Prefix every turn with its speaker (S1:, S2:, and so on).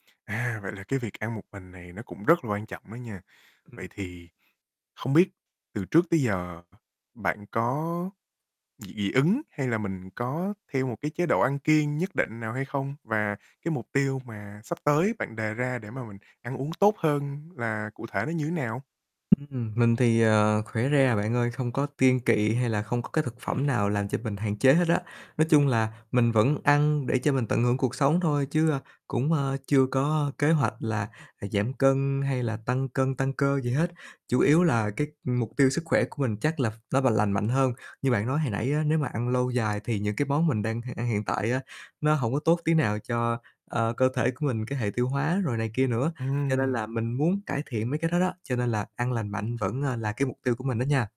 S1: À, vậy là cái việc ăn một mình này nó cũng rất là quan trọng đó nha. Vậy
S2: Ừm.
S1: thì không biết từ trước tới giờ, bạn có dị dị ứng hay là mình có theo một cái chế độ ăn kiêng nhất định nào hay không? Và cái mục tiêu mà sắp tới bạn đề ra để mà mình ăn uống tốt hơn là cụ thể nó như nào?
S2: Ừm. Mình thì, ờ, khỏe re à bạn ơi, không có kiêng kị hay là không có cái thực phẩm nào làm cho mình hạn chế hết á. Nói chung là mình vẫn ăn để cho mình tận hưởng cuộc sống thôi, chứ, ơ, cũng chưa có kế hoạch là, à, giảm cân hay là tăng cân, tăng cơ gì hết, chủ yếu là cái mục tiêu sức khỏe của mình chắc là ph nó và lành mạnh hơn. Như bạn nói hồi nãy á, nếu mà ăn lâu dài thì những cái món mình đang h ăn hiện tại á, nó hổng có tốt tí nào cho, ờ, cơ thể của mình, cái hệ tiêu hóa rồi này kia nữa. Cho nên là
S1: Ừm.
S2: mình muốn cải thiện mấy cái đó đó, cho nên là ăn lành mạnh vẫn, à, là cái mục tiêu của mình đó nha.